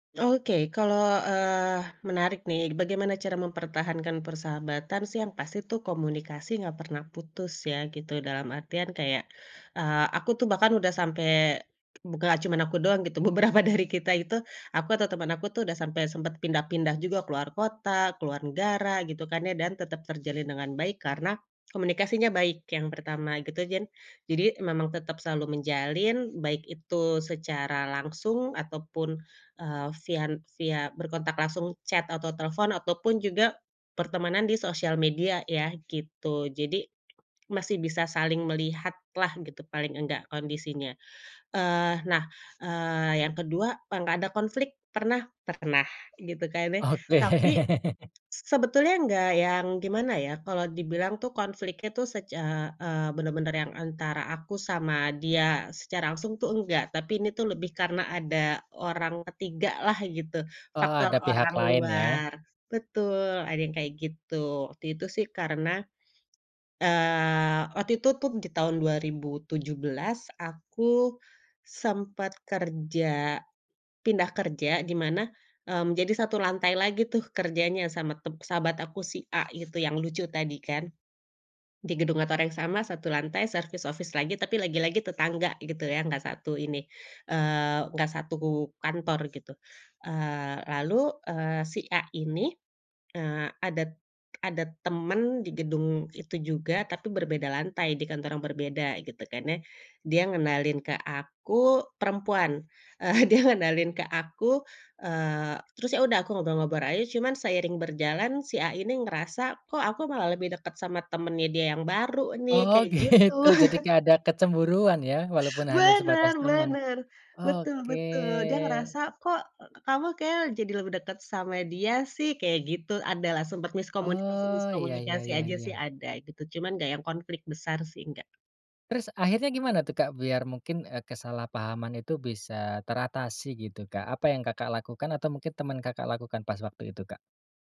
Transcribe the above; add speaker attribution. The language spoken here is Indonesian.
Speaker 1: Oke, kalo eee, menarik, nih. Bagaimana cara mempertahankan persahabatan sih, yang pasti tuh komunikasi nggak pernah putus ya, gitu. Dalam artian kayak, eee, aku tuh bahkan udah sampe buka nggak cuma aku doang, gitu. Beberapa dari kita itu, aku atau temen aku tuh, udah sampe sempet pindah-pindah juga. Keluar kota, keluar negara, gitu kan, ya. Dan tetep terjalin dengan baik, karena komunikasinya baik, yang pertama, gitu. Gian jadi, memang tetep selalu menjalin, baik itu secara langsung ataupun, eee, vian via berkontak langsung chat atau telfon, ataupun juga pertemanan di sosial media ya, gitu. Jadi masih bisa saling melihatlah, gitu, paling enggak, kondisinya. Eee, nah, eee, yang ke-2, pa nggak ada konflik, pernah? Pernah, gitu kan, ya. Tapi
Speaker 2: Oke.
Speaker 1: s sebetulnya nggak yang, gimana ya. Kalo dibilang tuh, konfliknya tuh, sec eee eee, bener-bener yang antara aku sama dia secara langsung tuh, enggak. Tapi ini tuh lebih karena ada orang ketiga lah, gitu,
Speaker 2: Oh,
Speaker 1: faktor
Speaker 2: ada pihak
Speaker 1: orang
Speaker 2: lain, ya.
Speaker 1: luar. Betul, ada yang kayak gitu. Waktu itu sih, karena, eee, waktu itu tuh, di tahun 2017, aku sempet kerja pindah kerja, di mana, mmm, jadi satu lantai lagi tuh, kerjanya sama tep sahabat aku si A itu, yang lucu tadi, kan. Di gedung kantor yang sama, satu lantai, service office lagi, tapi lagi-lagi tetangga, gitu ya. Nggak satu ini, eee, nggak satu kantor, gitu. Eee, lalu, eee, si A ini, eee, ada t ada teman di gedung itu juga, tapi berbeda lantai, di kantor yang berbeda, gitu kan, ya. Dia ngenalin ke aku perempuan, eee, dia ngenalin ke aku, eee, terus ya udah, aku ngobrol-ngobrol aja. Cuman seiring berjalan, si A ini ngerasa, kok aku malah lebih deket sama temennya dia yang baru, nih,
Speaker 2: Oh,
Speaker 1: kayak gitu.
Speaker 2: gitu. Jadi kayak ada kecemburuan, ya, walaupun hanya
Speaker 1: Bener
Speaker 2: sebatas teman.
Speaker 1: bener, betul
Speaker 2: Oke.
Speaker 1: betul. Dia ngerasa, "Kok, kamu kayaknya l jadi lebih deket sama dia, sih," kayak gitu. Adalah, sempat
Speaker 2: Oh, iya iya
Speaker 1: miskomunikasi-miskomunikasi
Speaker 2: iya
Speaker 1: aja sih,
Speaker 2: iya.
Speaker 1: ada, gitu. Cuman nggak yang konflik besar sih, enggak.
Speaker 2: Terus, akhirnya gimana tuh, Kak, biar mungkin, eee, kesalahpahaman itu bisa teratasi, gitu, Kak? Apa yang Kakak lakukan atau mungkin teman Kakak lakukan pas waktu itu, Kak?